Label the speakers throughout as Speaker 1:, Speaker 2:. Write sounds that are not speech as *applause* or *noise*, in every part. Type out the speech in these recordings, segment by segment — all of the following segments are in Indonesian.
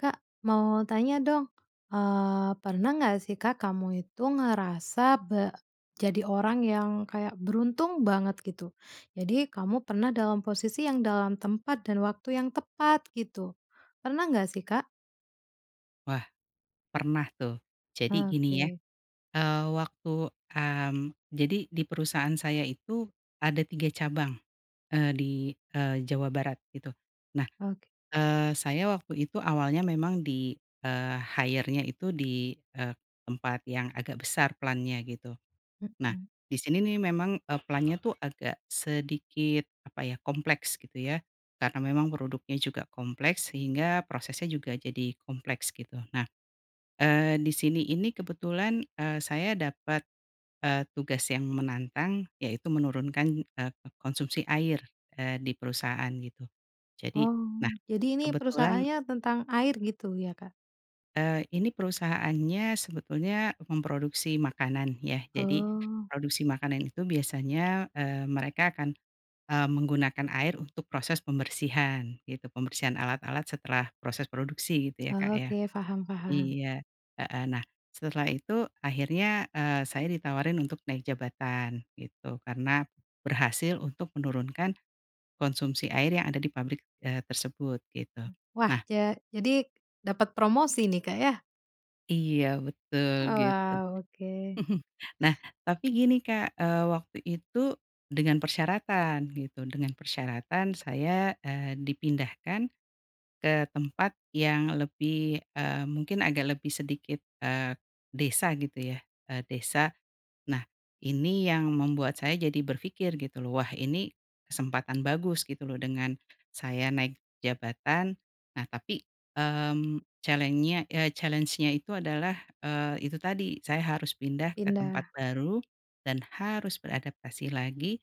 Speaker 1: Kak, mau tanya dong. Eee, pernah nggak sih Kak, kamu itu ngerasa be jadi orang yang kayak beruntung banget gitu? Jadi kamu pernah dalam posisi yang dalam tempat dan waktu yang tepat gitu. Pernah nggak sih, Kak?
Speaker 2: Wah pernah tuh. Jadi gini ya.
Speaker 1: Oke.
Speaker 2: Eee, waktu, mmm, jadi di perusahaan saya itu ada 3 cabang, eee di, eee, Jawa Barat itu. Nah,
Speaker 1: Oke.
Speaker 2: eee, saya waktu itu awalnya memang di, eee, hire-nya itu di, eee, tempat yang agak besar plant-nya gitu. Nah,
Speaker 1: Mhm.
Speaker 2: di sini nih memang, eee, plant-nya tuh agak sedikit, apa ya, kompleks gitu ya karena memang produknya juga kompleks sehingga prosesnya juga jadi kompleks gitu. Nah. Eee, di sini ini kebetulan, eee, saya dapat, eee, tugas yang menantang yaitu menurunkan, eee, ko konsumsi air, eee, di perusahaan gitu. Jadi
Speaker 1: Oh,
Speaker 2: nah,
Speaker 1: jadi ini
Speaker 2: kebetulan
Speaker 1: perusahaannya tentang air gitu ya, Kak?
Speaker 2: Eee, ini perusahaannya sebetulnya memproduksi makanan ya, jadi
Speaker 1: Oh.
Speaker 2: produksi makanan itu biasanya, eee, mereka akan, eee, menggunakan air untuk proses pembersihan gitu, pembersihan alat-alat setelah proses produksi gitu ya, Kak, ya.
Speaker 1: Oke. Paham paham.
Speaker 2: Iya. Heeh. Nah, setelah itu akhirnya, eee, saya ditawarin untuk naik jabatan gitu, karena berhasil untuk menurunkan konsumsi air yang ada di pabrik, eee, tersebut gitu.
Speaker 1: Wah.
Speaker 2: Nah
Speaker 1: Ja jadi dapet promosi nih Kak ya?
Speaker 2: Iya betul
Speaker 1: Oh
Speaker 2: gitu.
Speaker 1: wow, oke.
Speaker 2: *chuckles* Nah tapi gini Kak. Eee, waktu itu dengan persyaratan gitu dengan persyaratan saya, eee, dipindahkan ke tempat yang lebih, eee, mungkin agak lebih sedikit, eee, desa gitu ya. Eee, desa. Nah ini yang membuat saya jadi berpikir gitu loh, wah ini kesempatan bagus gitu loh dengan saya naik jabatan. Nah tapi, mmm, challenge-nya, eee, challenge-nya itu adalah, eee, itu tadi saya harus pindah ke tempat
Speaker 1: Pindah.
Speaker 2: baru, dan harus beradaptasi lagi,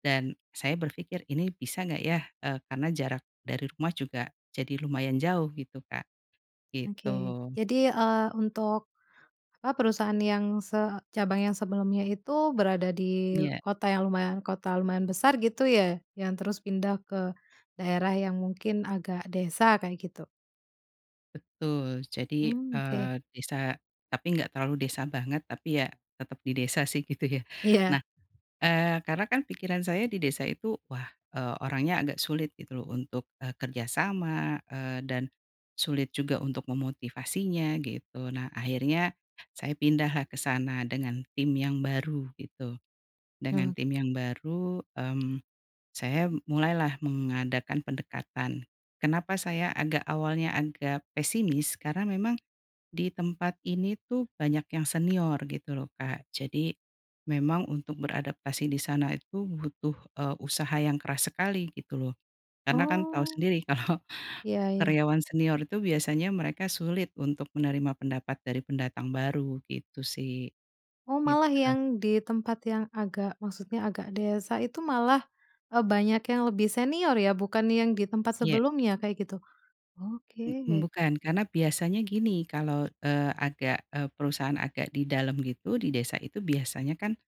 Speaker 2: dan saya berpikir ini bisa nggak ya, eee, karena jarak dari rumah juga jadi lumayan jauh gitu Kak. Gitu.
Speaker 1: Oke. Jadi, eee, untuk, apa, perusahaan yang se cabang yang sebelumnya itu berada di
Speaker 2: Iya.
Speaker 1: kota yang lumayan kota lumayan besar gitu ya, yang terus pindah ke daerah yang mungkin agak desa kayak gitu?
Speaker 2: Betul, jadi,
Speaker 1: Mmm, oke.
Speaker 2: eee, desa tapi enggak terlalu desa banget, tapi ya tetap di desa sih gitu ya.
Speaker 1: Iya.
Speaker 2: Nah, eee, karena kan pikiran saya di desa itu wah, eee, orangnya agak sulit gitu loh untuk, eee, kerja sama, eee, dan sulit juga untuk memotivasinya gitu. Nah akhirnya saya pindahlah ke sana dengan tim yang baru gitu,
Speaker 1: Mmm.
Speaker 2: dengan tim yang baru, mmm, saya mulailah mengadakan pendekatan. Kenapa saya agak awalnya agak pesimis karena memang di tempat ini tuh banyak yang senior gitu loh Kak, jadi memang untuk beradaptasi di sana itu butuh, eee, usaha yang keras sekali gitu loh, karena kan tahu
Speaker 1: Oh.
Speaker 2: sendiri kalau
Speaker 1: Ya ya.
Speaker 2: karyawan senior itu biasanya mereka sulit untuk menerima pendapat dari pendatang baru, gitu sih.
Speaker 1: Oh, malah
Speaker 2: Gitu.
Speaker 1: yang di tempat yang agak maksudnya agak desa itu malah, eee, banyak yang lebih senior ya, bukan yang di tempat
Speaker 2: Iya.
Speaker 1: sebelumnya kayak gitu?
Speaker 2: Bu
Speaker 1: Oke.
Speaker 2: bukan, karena biasanya gini kalo, eee, agak, eee perusahaan agak di dalam gitu di desa itu biasanya kan,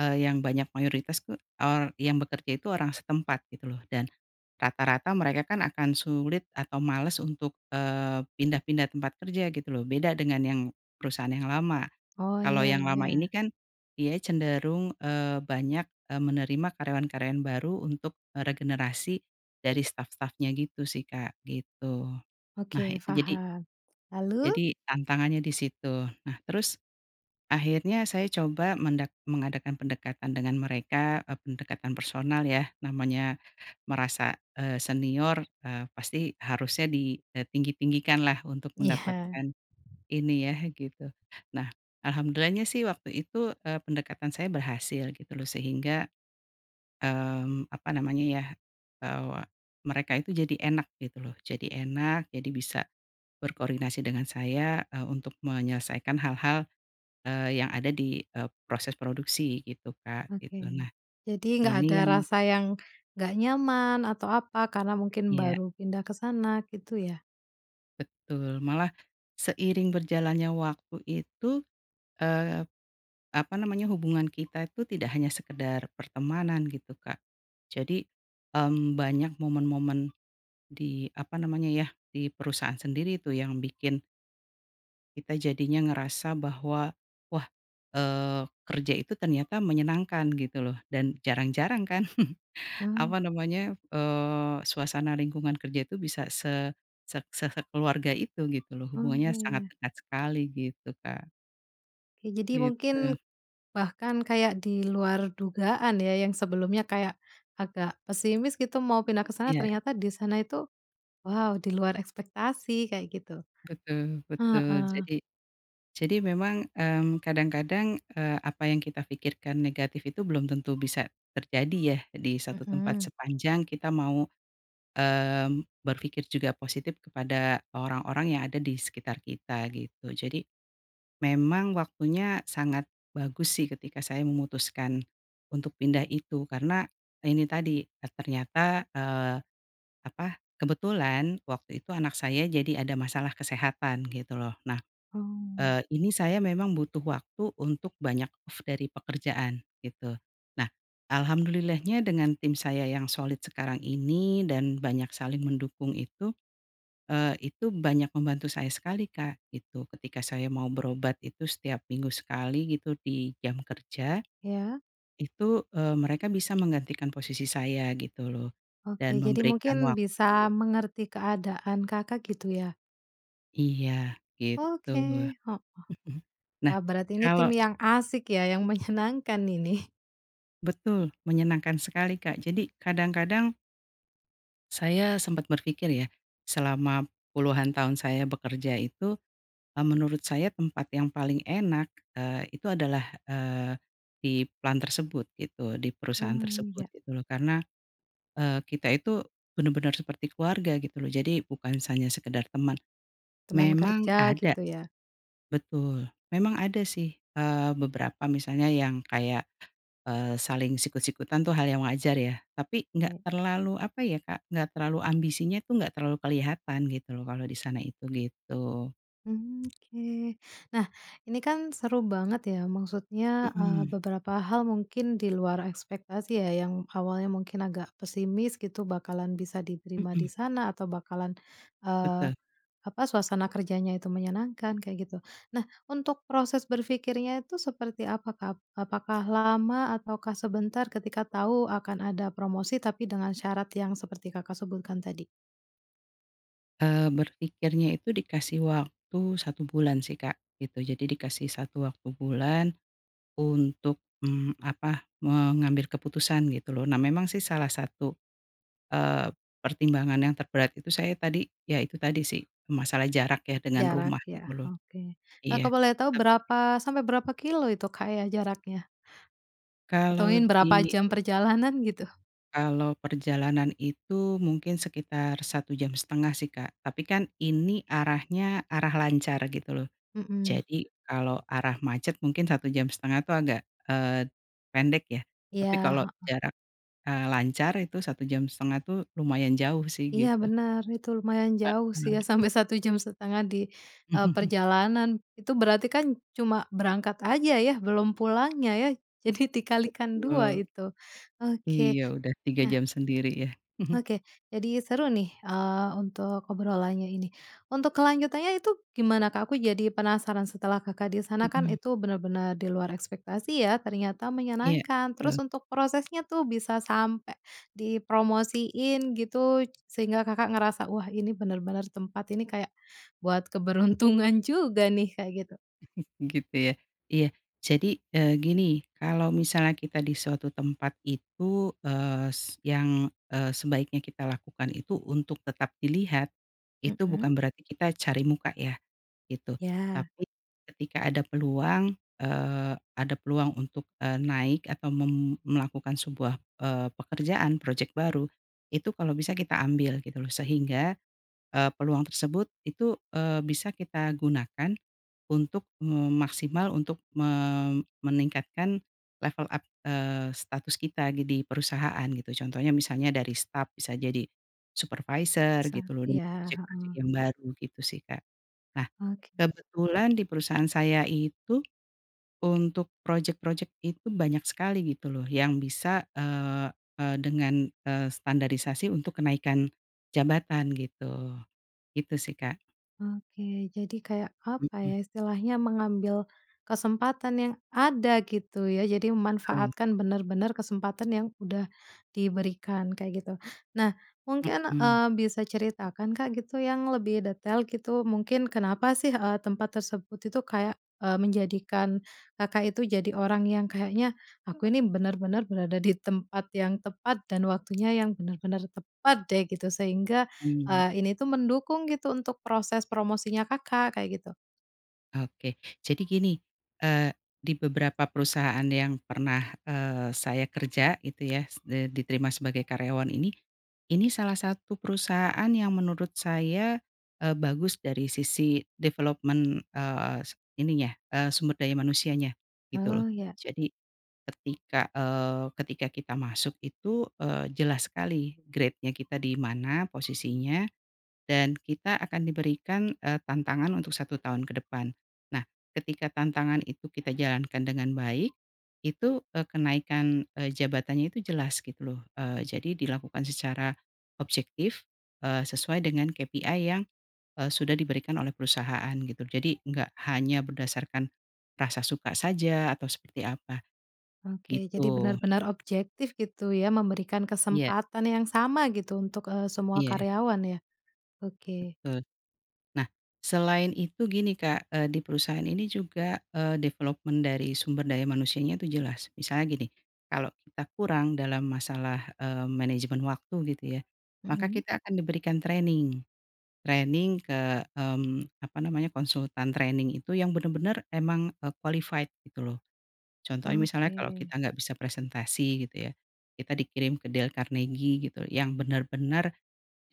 Speaker 2: eee, yang banyak mayoritas tuh, eee, yang bekerja itu orang setempat gitu loh, dan rata-rata mereka kan akan sulit atau males untuk, eee, pindah-pindah tempat kerja gitu loh, beda dengan yang perusahaan yang lama.
Speaker 1: Oh,
Speaker 2: Kalo
Speaker 1: ya
Speaker 2: yang lama ini
Speaker 1: ya.
Speaker 2: kan dia cenderung, eee, banyak, eee, menerima karyawan-karyawan baru untuk, eee, regenerasi dari staf-stafnya gitu sih Kak, gitu. Nah
Speaker 1: Oke
Speaker 2: itu jadi
Speaker 1: paham. Lalu?
Speaker 2: jadi tantangannya di situ. Nah terus akhirnya saya coba mendak mengadakan pendekatan dengan mereka, mmm, pendekatan personal ya. Namanya merasa, eee, senior, eee, pasti harusnya di, eee, tinggi-tinggikanlah untuk
Speaker 1: Iya.
Speaker 2: mendapatkan ini ya gitu. Nah, alhamdulillahnya sih waktu itu, eee, pendekatan saya berhasil gitu loh sehingga, mmm, apa namanya ya? Eee, mereka itu jadi enak gitu loh, jadi enak, jadi bisa berkoordinasi dengan saya, eee, untuk menyelesaikan hal-hal, eee, yang ada di, eee, proses produksi gitu Kak, gitu,
Speaker 1: Oke.
Speaker 2: nah
Speaker 1: Jadi nggak ada
Speaker 2: ini yang
Speaker 1: rasa yang nggak nyaman atau apa karena mungkin
Speaker 2: Iya.
Speaker 1: baru pindah ke sana gitu ya?
Speaker 2: Betul. Malah seiring berjalannya waktu itu, eee, apa namanya? Hubungan kita itu tidak hanya sekedar pertemanan gitu Kak. Jadi, mmm, banyak momen-momen di, apa namanya ya? Di perusahaan sendiri tuh yang bikin kita jadinya ngerasa bahwa, wah, eee, kerja itu ternyata menyenangkan gitu loh dan jarang-jarang kan, *chuckles*
Speaker 1: Mmm.
Speaker 2: apa namanya? Eee, suasana lingkungan kerja itu bisa se sek se sekeluarga itu gitu loh.
Speaker 1: Oh,
Speaker 2: Hubungannya sangat
Speaker 1: iya.
Speaker 2: dekat sekali gitu Kak.
Speaker 1: Ya, jadi
Speaker 2: Gitu.
Speaker 1: mungkin bahkan kayak di luar dugaan ya, yang sebelumnya kayak agak pesimis gitu mau pindah ke sana,
Speaker 2: Iya.
Speaker 1: ternyata di sana itu, wow, di luar ekspektasi kayak gitu.
Speaker 2: Betul, betul.
Speaker 1: Heeh.
Speaker 2: Jadi, jadi memang, mmm, kadang-kadang, eee, apa yang kita pikirkan negatif itu belum tentu bisa terjadi ya di satu tempat
Speaker 1: Mhm.
Speaker 2: sepanjang kita mau, mmm, berpikir juga positif kepada orang-orang yang ada di sekitar kita gitu. Jadi memang waktunya sangat bagus sih ketika saya memutuskan untuk pindah itu, karena ini tadi, eee, ternyata, eee, apa, kebetulan waktu itu anak saya jadi ada masalah kesehatan gitu loh. Nah,
Speaker 1: Oh.
Speaker 2: eee, ini saya memang butuh waktu untuk banyak off dari pekerjaan gitu. Nah alhamdulillahnya dengan tim saya yang solid sekarang ini dan banyak saling mendukung itu, eee, itu banyak membantu saya sekali Kak, gitu. Ketika saya mau berobat itu setiap minggu sekali gitu di jam kerja
Speaker 1: Ya?
Speaker 2: itu, eee, mereka bisa menggantikan posisi saya gitu loh, dan
Speaker 1: Oke. Jadi
Speaker 2: memberikan
Speaker 1: mungkin
Speaker 2: waktu.
Speaker 1: bisa mengerti keadaan Kakak gitu ya?
Speaker 2: Iya gitu.
Speaker 1: Oke, heeh,
Speaker 2: Mhm. Nah
Speaker 1: wah berarti ini
Speaker 2: kalo
Speaker 1: tim yang asik ya, yang menyenangkan ini.
Speaker 2: Betul, menyenangkan sekali Kak. Jadi kadang-kadang saya sempat berpikir ya, selama puluhan tahun saya bekerja itu, eee, menurut saya tempat yang paling enak, eee, itu adalah eee, di plant tersebut gitu, di perusahaan
Speaker 1: Mmm,
Speaker 2: tersebut
Speaker 1: ya.
Speaker 2: gitu loh karena, eee, kita itu benar-benar seperti keluarga gitu loh jadi bukan hanya sekedar teman.
Speaker 1: Teman
Speaker 2: Memang
Speaker 1: kerja
Speaker 2: ada
Speaker 1: gitu ya?
Speaker 2: betul. Memang ada sih, eee, beberapa misalnya yang kayak, eee, saling sikut-sikutan tuh hal yang wajar ya, tapi enggak
Speaker 1: Mmm.
Speaker 2: terlalu apa ya Kak, enggak terlalu ambisinya tuh enggak terlalu kelihatan gitu loh kalau di sana itu, gitu.
Speaker 1: Hmm, oke. Nah, ini kan seru banget ya. Maksudnya, eee,
Speaker 2: Mhm.
Speaker 1: beberapa hal mungkin di luar ekspektasi ya, yang awalnya mungkin agak pesimis gitu bakalan bisa diterima di
Speaker 2: Mhm.
Speaker 1: sana, atau bakalan, eee,
Speaker 2: Betul.
Speaker 1: apa, suasana kerjanya itu menyenangkan kayak gitu. Nah, untuk proses berpikirnya tuh seperti apa, Kak? Ap apakah lama ataukah sebentar ketika tahu akan ada promosi, tapi dengan syarat yang seperti Kakak sebutkan tadi?
Speaker 2: Eee, berpikirnya itu dikasih waktu 1 bulan sih Kak gitu. Jadi dikasih 1 waktu bulan untuk, mmm, apa, mengambil keputusan gitu loh. Nah memang sih salah satu, eee, pertimbangan yang terberat itu saya tadi, ya itu tadi sih, masalah jarak ya dengan
Speaker 1: Jarak
Speaker 2: rumah
Speaker 1: ya,
Speaker 2: gitu loh.
Speaker 1: oke. Eee, kalo aku
Speaker 2: Iya.
Speaker 1: boleh tahu
Speaker 2: Tep
Speaker 1: berapa sampai berapa kilo itu Kak ya, jaraknya?
Speaker 2: Kalo
Speaker 1: Hitungin berapa
Speaker 2: di
Speaker 1: jam perjalanan gitu?
Speaker 2: kalo perjalanan itu mungkin sekitar 1 jam 1/2 sih Kak, tapi kan ini arahnya arah lancar gitu loh.
Speaker 1: Mhm.
Speaker 2: Jadi kalau arah macet mungkin 1 jam 1/2 tuh agak, eee, pendek ya tapi
Speaker 1: Iya,
Speaker 2: kalau
Speaker 1: heeh.
Speaker 2: jarak, eee, lancar itu 1 jam 1/2 tuh lumayan jauh sih
Speaker 1: Iya
Speaker 2: gitu.
Speaker 1: benar, itu lumayan jauh sih ya
Speaker 2: Mhm.
Speaker 1: sampai 1 jam 1/2 di, eee,
Speaker 2: *chuckles*
Speaker 1: perjalanan. Itu berarti kan cuma berangkat aja ya? Belum pulangnya ya? Jadi dikalikan 2
Speaker 2: Betul.
Speaker 1: itu. Oke.
Speaker 2: Iya, udah 3
Speaker 1: Nah
Speaker 2: jam sendiri ya. *chuckles*
Speaker 1: Oke, jadi seru nih, eee, untuk obrolannya ini. Untuk kelanjutannya itu gimana, Kak? Aku jadi penasaran setelah Kakak di sana kan
Speaker 2: Mhm.
Speaker 1: itu benar-benar di luar ekspektasi ya, ternyata
Speaker 2: Iya,
Speaker 1: menyenangkan, terus
Speaker 2: tul.
Speaker 1: untuk prosesnya tuh bisa sampai dipromosiin gitu sehingga Kakak ngerasa, "Wah, ini benar-benar tempat ini kayak buat keberuntungan juga nih." Kayak gitu.
Speaker 2: *chuckles* Gitu ya. Iya jadi, eee, gini. Kalo misalnya kita di suatu tempat itu, eee, s yang, eee, sebaiknya kita lakukan itu untuk tetap dilihat, itu bukan
Speaker 1: Mhm.
Speaker 2: berarti kita cari muka ya, gitu.
Speaker 1: Ya.
Speaker 2: Tapi ketika ada peluang, eee, ada peluang untuk, eee, naik atau mem melakukan sebuah, eee, pekerjaan projek baru, itu kalo bisa kita ambil gitu loh sehingga, eee, peluang tersebut itu, eee, bisa kita gunakan untuk me maksimal untuk me meningkatkan level up, eee, status kita di di perusahaan gitu. Contohnya misalnya dari staf bisa jadi supervisor
Speaker 1: Bisa,
Speaker 2: gitu loh dengan
Speaker 1: iya,
Speaker 2: projek-projek
Speaker 1: heeh.
Speaker 2: yang baru, gitu sih Kak. Nah
Speaker 1: Oke.
Speaker 2: kebetulan di perusahaan saya itu untuk projek-projek itu banyak sekali gitu loh yang bisa, eee eee dengan, eee, standarisasi untuk kenaikan jabatan gitu. Gitu sih Kak.
Speaker 1: Oke, jadi kayak apa
Speaker 2: Mhm.
Speaker 1: ya, istilahnya mengambil kesempatan yang ada gitu ya, jadi
Speaker 2: Kesempatan.
Speaker 1: memanfaatkan bener-bener kesempatan yang udah diberikan, kayak gitu. Nah, mungkin,
Speaker 2: Mmm.
Speaker 1: eee, bisa ceritakan Kak gitu, yang lebih detail gitu, mungkin kenapa sih, eee, tempat tersebut itu kayak, eee, menjadikan Kakak itu jadi orang yang kayaknya, aku ini benar-benar berada di tempat yang tepat, dan waktunya yang benar-benar tepat deh gitu, sehingga,
Speaker 2: Mmm.
Speaker 1: eee, ini tuh mendukung gitu untuk proses promosinya Kakak kayak gitu.
Speaker 2: Oke. Jadi gini, eee, di beberapa perusahaan yang pernah, eee, saya kerja itu ya s diterima sebagai karyawan ini, ini salah satu perusahaan yang menurut saya, eee, bagus dari sisi development, eee, s ininya, eee, sumber daya manusianya gitu loh.
Speaker 1: Oh, ya.
Speaker 2: Jadi ketika, eee, ketika kita masuk itu, eee, jelas sekali grade-nya kita di mana posisinya, dan kita akan diberikan, eee. tantangan untuk 1 tahun ke depan. Nah ketika tantangan itu kita jalankan dengan baik itu, eee, kenaikan, eee, jabatannya itu jelas gitu loh, eee, jadi dilakukan secara objektif, eee, sesuai dengan KPI yang, eee, sudah diberikan oleh perusahaan gitu jadi enggak hanya berdasarkan rasa suka saja atau seperti apa.
Speaker 1: Oke. Jadi
Speaker 2: Gitu.
Speaker 1: benar-benar objektif gitu ya, memberikan
Speaker 2: Iya.
Speaker 1: kesempatan yang sama gitu untuk, eee, semua
Speaker 2: Iya.
Speaker 1: karyawan ya. Oke.
Speaker 2: Betul. Nah selain itu gini Kak, eee, di perusahaan ini juga, eee, development dari sumber daya manusianya tu jelas. Misalnya gini. Kalo kita kurang dalam masalah, eee, manajemen waktu gitu ya, maka
Speaker 1: Mhm.
Speaker 2: kita akan diberikan training. Training ke, mmm, apa namanya, konsultan training itu yang bener-bener emang, eee, qualified gitu loh. Contohnya misalnya kalau
Speaker 1: Oke.
Speaker 2: kita nggak bisa presentasi gitu ya, kita dikirim ke Dale Carnegie gitu, yang benar-benar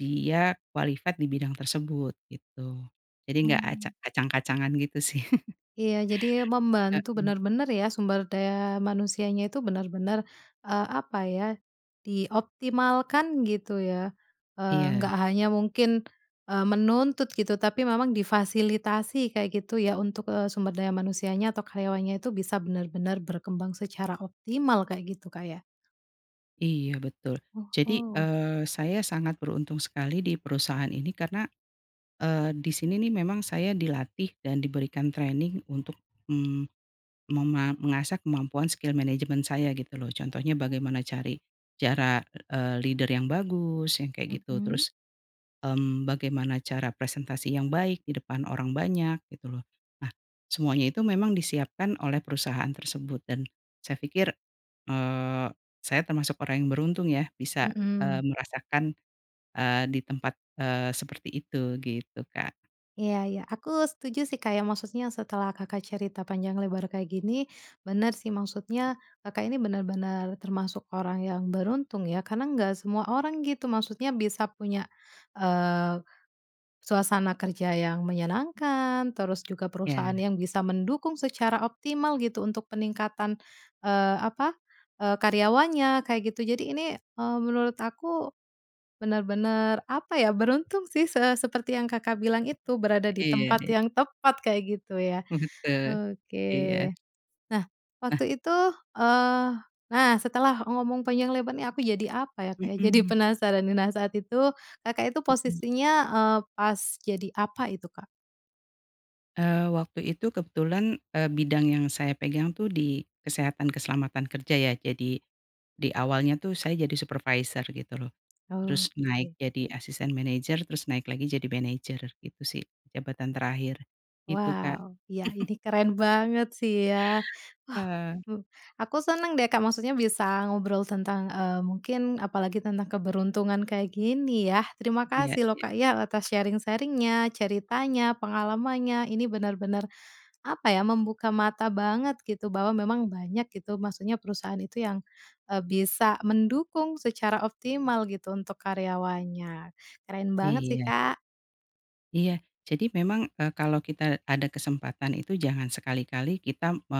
Speaker 2: dia qualified di bidang tersebut gitu. Jadi nggak
Speaker 1: Mmm.
Speaker 2: acak kacang-kacangan gitu sih. *laughs*
Speaker 1: Iya jadi membantu
Speaker 2: Heeh.
Speaker 1: benar-benar ya, sumber daya manusianya itu benar-benar, eee, apa ya dioptimalkan gitu ya. Eee,
Speaker 2: Iya.
Speaker 1: nggak hanya mungkin, eee, menuntut gitu tapi memang difasilitasi kayak gitu ya untuk, eee, sumber daya manusianya atau karyawannya itu bisa benar-benar berkembang secara optimal, kayak gitu Kak ya?
Speaker 2: Iya betul. Jadi,
Speaker 1: Oho.
Speaker 2: eee, saya sangat beruntung sekali di perusahaan ini karena, eee, di sini nih memang saya dilatih dan diberikan training untuk, mmm, mema mengasah kemampuan skill management saya gitu loh. Contohnya bagaimana cari cara, eee, leader yang bagus yang kayak gitu
Speaker 1: Mhm.
Speaker 2: terus, mmm, bagaimana cara presentasi yang baik di depan orang banyak gitu loh. Nah semuanya itu memang disiapkan oleh perusahaan tersebut dan saya pikir, eee, saya termasuk orang yang beruntung ya bisa, eee,
Speaker 1: Mhm.
Speaker 2: merasakan, eee, di tempat, eee, seperti itu gitu Kak.
Speaker 1: Iya iya. Aku setuju sih Kak ya, maksudnya setelah Kakak cerita panjang lebar kayak gini, bener sih,
Speaker 2: Iya.
Speaker 1: maksudnya Kakak ini benar-benar termasuk orang yang beruntung ya karena enggak semua orang gitu maksudnya bisa punya, eee, suasana kerja yang menyenangkan, terus juga perusahaan
Speaker 2: Ya.
Speaker 1: yang bisa mendukung secara optimal gitu, untuk peningkatan, eee, apa, eee, karyawannya kayak gitu. Jadi ini, eee, menurut aku bener-bener apa ya, beruntung sih se seperti yang Kakak bilang itu, berada di tempat
Speaker 2: Iya.
Speaker 1: yang tepat kayak gitu ya,
Speaker 2: Betul.
Speaker 1: oke.
Speaker 2: Iya.
Speaker 1: Nah,
Speaker 2: Nah
Speaker 1: waktu itu, eee nah, setelah ngomong panjang lebar nih, aku jadi apa ya Kak, jadi
Speaker 2: Mmm.
Speaker 1: penasaran nih. Nah saat itu Kakak itu
Speaker 2: Mhm.
Speaker 1: posisinya, eee, pas jadi apa itu Kak?
Speaker 2: Eee, waktu itu kebetulan, eee, bidang yang saya pegang tuh di kesehatan keselamatan kerja ya, jadi di awalnya tuh saya jadi supervisor gitu loh, terus naik
Speaker 1: Oke.
Speaker 2: jadi asisten manajer terus naik lagi jadi manajer, gitu sih jabatan terakhir. Gitu Kak.
Speaker 1: Wow, iya
Speaker 2: *chuckles*
Speaker 1: ini keren banget sih ya. Wah.
Speaker 2: Ah.
Speaker 1: Hmm, aku seneng deh Kak, maksudnya bisa ngobrol tentang, eee, mungkin apalagi tentang keberuntungan kayak gini ya. Terima
Speaker 2: Iya
Speaker 1: kasih loh
Speaker 2: iya.
Speaker 1: Kak ya atas sharing-sharing-nya, ceritanya, pengalamannya. Ini benar-benar apa ya, membuka mata banget gitu, bahwa memang banyak gitu maksudnya perusahaan itu yang, eee, bisa mendukung secara optimal gitu untuk karyawannya. Keren banget sih,
Speaker 2: Iya.
Speaker 1: Kak.
Speaker 2: Iya. Jadi memang, eee, kalau kita ada kesempatan itu jangan sekali-kali kita me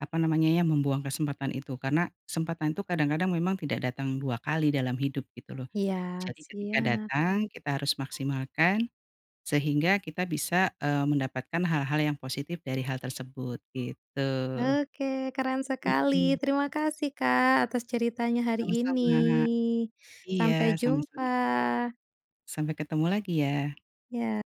Speaker 2: apa namanya ya, membuang kesempatan itu, karena kesempatan tu kadang-kadang memang tidak datang 2 kali dalam hidup gitu loh.
Speaker 1: Iya,
Speaker 2: Jadi ketika
Speaker 1: siap.
Speaker 2: datang kita harus maksimalkan sehingga kita bisa, eee, mendapatkan hal-hal yang positif dari hal tersebut gitu.
Speaker 1: Oke. Keren sekali.
Speaker 2: Mhm.
Speaker 1: Terima kasih Kak atas ceritanya hari ini.
Speaker 2: Sama-sama. Iya
Speaker 1: Sampai
Speaker 2: sama-sama.
Speaker 1: jumpa.
Speaker 2: Sampai ketemu lagi ya.
Speaker 1: Ya.